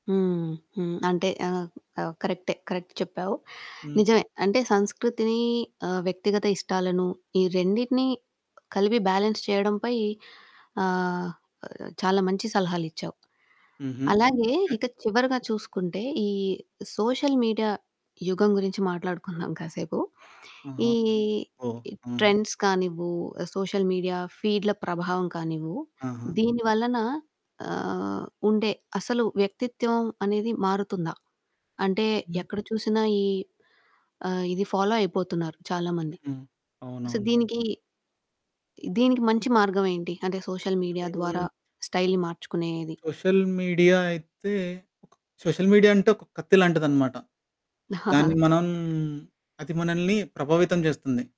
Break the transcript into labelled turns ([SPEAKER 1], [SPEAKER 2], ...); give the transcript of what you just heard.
[SPEAKER 1] హ్మ్. హ్మ్. అంటే ఆహ్, ఆహ్, కరెక్టే. కరెక్ట్ చెప్పావు.
[SPEAKER 2] హ్మ్.
[SPEAKER 1] నిజమే అంటే సంస్కృతిని ఆహ్, వ్యక్తిగత ఇష్టాలను ఈ రెండిటిని కలిపి బ్యాలన్స్ చేయడం పై ఆహ్, చాలా మంచి సలహాలిచ్చావు.
[SPEAKER 2] హుహు.
[SPEAKER 1] అలాగే
[SPEAKER 2] ఓకే.
[SPEAKER 1] ఇక చివరగా చూసుకుంటే, ఈ సోషల్ మీడియా యుగం గురించి మాట్లాడుకుందాం కాసేపు.
[SPEAKER 2] ఆహా!
[SPEAKER 1] ఈ
[SPEAKER 2] ఓహో! ఆహా!
[SPEAKER 1] ట్రెండ్స్ కానివ్వు, సోషల్ మీడియా ఫీడ్‌ల ప్రభావం కానివ్వు,
[SPEAKER 2] ఆహా!
[SPEAKER 1] దీని వలన ఆహ్, ఉండే అసలు వ్యక్తిత్వం అనేది మారుతుందా? అంటే
[SPEAKER 2] హ్మ్.
[SPEAKER 1] ఎక్కడ చూసినా ఈ ఆహ్, ఇది ఫాలో అయిపోతున్నారు చాలా మంది.
[SPEAKER 2] హ్మ్.
[SPEAKER 1] సో
[SPEAKER 2] అవునవును.
[SPEAKER 1] దీనికి, దీనికి మంచి మార్గం ఏంటి? అంటే సోషల్ మీడియా ద్వారా
[SPEAKER 2] హ్మ్,
[SPEAKER 1] స్టైల్‌ని మార్చుకునేది.
[SPEAKER 2] సోషల్ మీడియా అయితే సోషల్ మీడియా అంటే ఒక కత్తి లాంటిదనమాట. దాన్ని మనం అది మనల్ని ప్రభావితం జేస్తుంది.